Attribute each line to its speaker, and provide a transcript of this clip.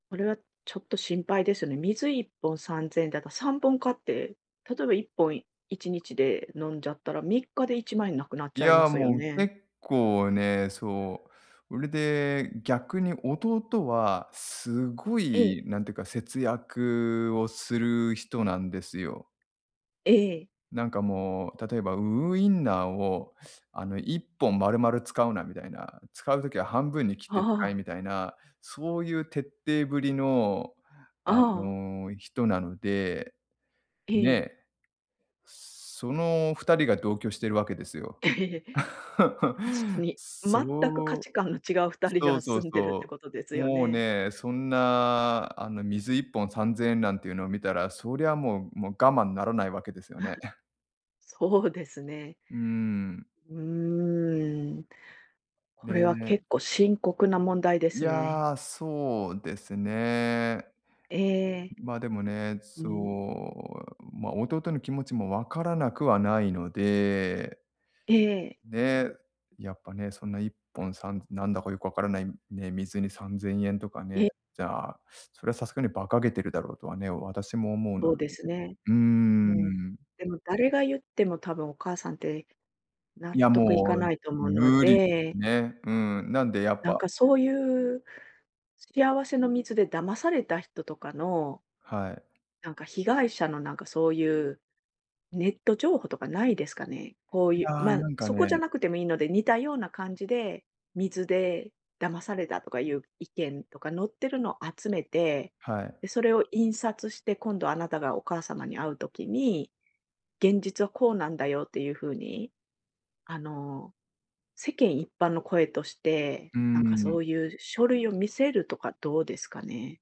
Speaker 1: これはちょっと心配ですよね。水1本3千円だと、3本買って、例えば1本1日で飲んじゃったら3日で1万円なくなっち
Speaker 2: い
Speaker 1: ゃいま
Speaker 2: や、
Speaker 1: すよ
Speaker 2: もう、
Speaker 1: ね。
Speaker 2: 結構ね、そう、うれで逆に弟は、すご
Speaker 1: ええ。
Speaker 2: いなんてか、節約をする人なんですよ。
Speaker 1: ええ。
Speaker 2: なんかもう、例えばウウインナーをあの、1本丸々使うなみたいな、使う時は半分に切っ
Speaker 1: あ
Speaker 2: て使え
Speaker 1: あ。
Speaker 2: みたいな、そういう徹底ぶりの、
Speaker 1: あ
Speaker 2: あ
Speaker 1: あ。
Speaker 2: の、人なので。
Speaker 1: ええ。
Speaker 2: ね。その二人が同居してるわけですよ。
Speaker 1: 確か に、
Speaker 2: そう
Speaker 1: 全く価値観の違う二人
Speaker 2: そ
Speaker 1: が
Speaker 2: うそう
Speaker 1: 住んでるって
Speaker 2: そ
Speaker 1: ことです
Speaker 2: う。
Speaker 1: よ
Speaker 2: もう
Speaker 1: ね。
Speaker 2: ね、そんな、あの、水1本3千円なんていうのを見たら、そりゃもう、もう我慢ならないわけですよね。
Speaker 1: そうですね。
Speaker 2: うーん。
Speaker 1: うーん。これは
Speaker 2: ね。
Speaker 1: 結構深刻な問題で
Speaker 2: い
Speaker 1: すね。
Speaker 2: や、そうですね。
Speaker 1: ええ。
Speaker 2: ま、でもね、
Speaker 1: う
Speaker 2: そ
Speaker 1: ん。
Speaker 2: う、ま、弟の気持ちもわからなくはないので
Speaker 1: ええ。
Speaker 2: ね、やっぱね、そんな1本3なんだかよくわからないね、水に3千円とかね、
Speaker 1: え。
Speaker 2: じゃあ、それはさすがに馬鹿げてるだろうとはね、私も思うの
Speaker 1: そう
Speaker 2: で。
Speaker 1: ですね。
Speaker 2: うー
Speaker 1: もう。
Speaker 2: ん。
Speaker 1: でも誰が言っても多分お母さんって納
Speaker 2: いや、
Speaker 1: 得い
Speaker 2: も
Speaker 1: か
Speaker 2: う
Speaker 1: ないと思うの
Speaker 2: 無理、
Speaker 1: で
Speaker 2: ね。うん、なんで、やっ
Speaker 1: なん
Speaker 2: ぱ
Speaker 1: かそういう、幸せの水で騙された人とかの
Speaker 2: はい。
Speaker 1: なんか、被害者のなんか、そういう、ネット情報とかないですかね？こう
Speaker 2: い
Speaker 1: いう、
Speaker 2: や、
Speaker 1: ま、
Speaker 2: なんか
Speaker 1: そこじゃ
Speaker 2: ね。
Speaker 1: なくてもいいので、似たような感じで、水で騙されたとかいう意見とか載ってるの集めて、
Speaker 2: はい。
Speaker 1: で、それを印刷して、今度あなたがお母様に会う時に「現実はこうなんだよ」っていうふうに、あの、世間一般の声として、
Speaker 2: う
Speaker 1: なん
Speaker 2: ん
Speaker 1: か
Speaker 2: う
Speaker 1: そ
Speaker 2: ん。
Speaker 1: ういう書類を見せるとかどうですかね？